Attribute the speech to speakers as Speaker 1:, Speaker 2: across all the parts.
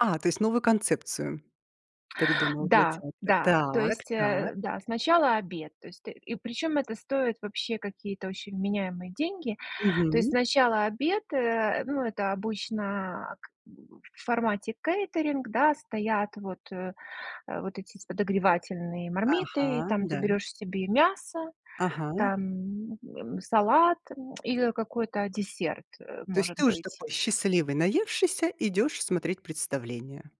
Speaker 1: А, то есть новую концепцию придумала для
Speaker 2: Да,
Speaker 1: театра?
Speaker 2: да, то
Speaker 1: Так,
Speaker 2: есть,
Speaker 1: так.
Speaker 2: э, да, сначала обед. То есть ты и причем это стоит вообще какие-то очень вменяемые деньги. То есть
Speaker 1: Мгм.
Speaker 2: сначала обед, э, ну, это обычно к в формате кейтеринг да, стоят вот, э, вот эти подогревательные мармиты и
Speaker 1: Ага,
Speaker 2: там ты
Speaker 1: да.
Speaker 2: берешь себе мясо,
Speaker 1: Ага.
Speaker 2: там, м, салат или какой-то десерт, э,
Speaker 1: То есть
Speaker 2: может
Speaker 1: ты уже
Speaker 2: быть.
Speaker 1: такой счастливый, наевшийся, идешь смотреть представление?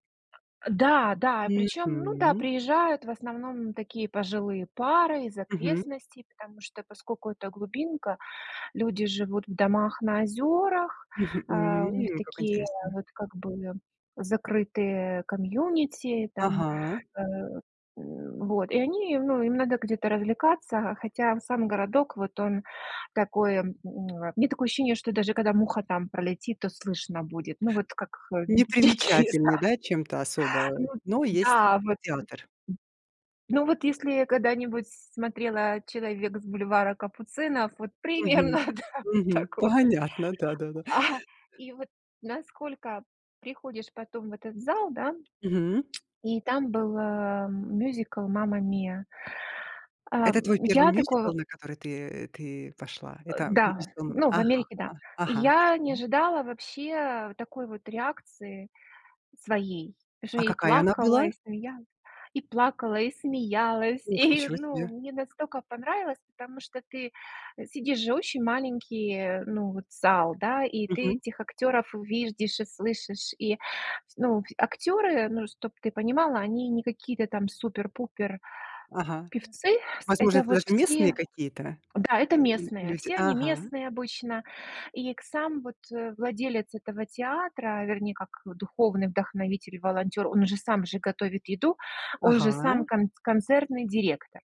Speaker 2: Да, да, причём, ну да,
Speaker 1: Мгм.
Speaker 2: приезжают в основном такие пожилые пары из
Speaker 1: Мгм.
Speaker 2: окрестностей, потому что поскоку это глубинка, люди живут в домах на озёрах,
Speaker 1: Мгм,
Speaker 2: а, у них
Speaker 1: м, как
Speaker 2: такие,
Speaker 1: интересно!
Speaker 2: вот как бы, закрытые комьюнити там,
Speaker 1: Ага.
Speaker 2: э, м, вот. И они ну им надо где-то развлекаться, хотя сам городок, вот он такой м, у меня такое ощущение что даже когда муха там пролетит, то слышно будет. Ну вот как дикие,
Speaker 1: Непримечательны,
Speaker 2: да.
Speaker 1: да, чем-то особо,
Speaker 2: Ну
Speaker 1: но есть
Speaker 2: да, вот.
Speaker 1: театр.
Speaker 2: Ну вот, если когда-нибудь смотрела "Человек с бульвара Капуцинов", вот
Speaker 1: Мгм.
Speaker 2: примерно, да,
Speaker 1: Мгм.
Speaker 2: такое.
Speaker 1: Понятно, да-да-да.
Speaker 2: А и вот, насколько приходишь потом в этот зал, да
Speaker 1: Мгм.
Speaker 2: и там был, э, мюзикл "Мамма Мия!".
Speaker 1: Это твой
Speaker 2: Эм,
Speaker 1: 1
Speaker 2: я
Speaker 1: мюзикл,
Speaker 2: такого
Speaker 1: на который ты ты пошла?
Speaker 2: Э,
Speaker 1: Это
Speaker 2: да,
Speaker 1: [unintelligible]
Speaker 2: ну, в
Speaker 1: ага,
Speaker 2: Америке, да.
Speaker 1: ага,
Speaker 2: Я не
Speaker 1: хорошо.
Speaker 2: ожидала вообще такой вот реакции своей. Уже
Speaker 1: А
Speaker 2: и
Speaker 1: какая она
Speaker 2: плакала,
Speaker 1: была?
Speaker 2: и смеялась и плакала, и смеялась.
Speaker 1: Ох,
Speaker 2: И,
Speaker 1: ничего
Speaker 2: ну,
Speaker 1: себе!
Speaker 2: мне настолько понравилось! Потому что ты сидишь же, очень маленький, ну вот, зал, да, и ты
Speaker 1: Мгм.
Speaker 2: этих актёров видишь и слышишь, и с ну, актёры, ну, чтоб ты понимала, они не какие-то там супер-пупер
Speaker 1: Ага.
Speaker 2: певцы, ск
Speaker 1: Возможно,
Speaker 2: это
Speaker 1: это
Speaker 2: вот
Speaker 1: даже местные
Speaker 2: все
Speaker 1: какие-то,
Speaker 2: да, это местные,
Speaker 1: люди.
Speaker 2: все они
Speaker 1: Ага.
Speaker 2: местные обычно. И, к сам вот владелец этого театра, вернее как, духовный вдохновитель, волонтёр, он уже сам же готовит еду, он же сам
Speaker 1: Ага.
Speaker 2: кон концертный директор.